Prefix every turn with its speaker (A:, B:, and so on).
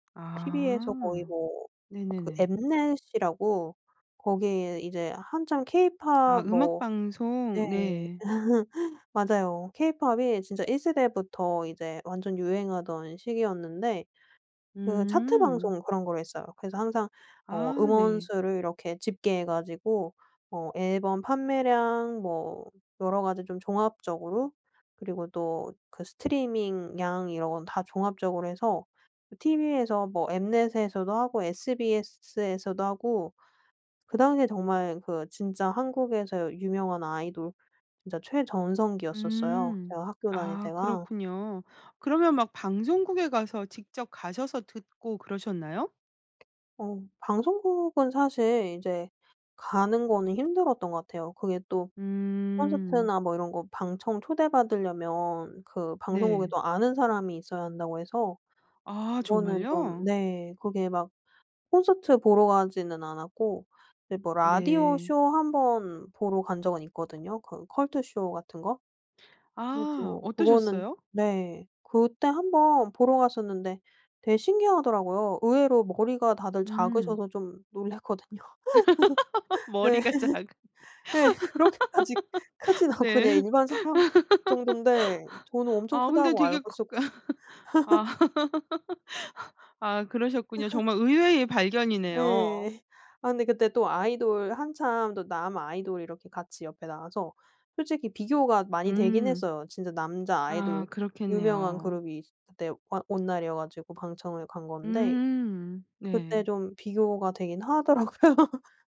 A: TV에서 거의
B: 아
A: 뭐 그
B: 네네네.
A: 엠넷이라고 거기에 이제 한참
B: 아
A: 케이팝
B: 음악
A: 뭐 네
B: 방송. 네.
A: 맞아요. 케이팝이 진짜 1 세대부터 이제 완전 유행하던 시기였는데 그 차트
B: 음.
A: 방송 그런 거를 했어요. 그래서 항상 어
B: 아
A: 음원
B: 네.
A: 수를 이렇게 집계해 가지고 어 앨범 판매량 뭐 여러 가지 좀 종합적으로 그리고 또 그 스트리밍 양 이런 건 다 종합적으로 해서 TV에서 뭐 엠넷에서도 하고 SBS에서도 하고 그다음에 정말 그 진짜 한국에서 유명한 아이돌 진짜 최전성기였었어요
B: 음
A: 제가 학교 다닐
B: 아,
A: 때가.
B: 그렇군요. 그러면 막 방송국에 가서 직접 가셔서 듣고 그러셨나요?
A: 어 방송국은 사실 이제 가는 거는 힘들었던 것 같아요. 그게 또
B: 음.
A: 콘서트나 뭐 이런 거 방청 초대받으려면 그 방송국에
B: 네.
A: 또 아는 사람이 있어야 한다고 해서
B: 아
A: 그거는 좀
B: 정말요?
A: 네 그게 막 콘서트 보러 가지는 않았고 이제 뭐 라디오
B: 네.
A: 쇼 한 번 보러 간 적은 있거든요. 그 컬투쇼 같은 거
B: 아
A: 그래가지고 그거는
B: 어떠셨어요?
A: 네 그때 한 번 보러 갔었는데 되게 신기하더라고요. 의외로 머리가 다들
B: 음.
A: 작으셔서 좀 놀랐거든요. 네
B: 머리가 작은데.
A: 네 그렇게까지 크진 않고 그냥
B: 네.
A: 일반 사람 정돈데 전 엄청
B: 아 근데
A: 크다고
B: 되게
A: 알고
B: 그
A: 있었
B: 아 아 그러셨군요. 정말 의외의 발견이네요.
A: 네. 아 근데 그때 또 아이돌 한참 또 남 아이돌 이렇게 같이 옆에 나와서 솔직히 비교가 많이 되긴
B: 음.
A: 했어요. 진짜 남자
B: 아
A: 아이돌 유명한
B: 그렇겠네요.
A: 그룹이 그때 막 온 날 이어가지고 방청을 간 건데
B: 음
A: 그때
B: 네.
A: 좀 비교가 되긴 하더라고요.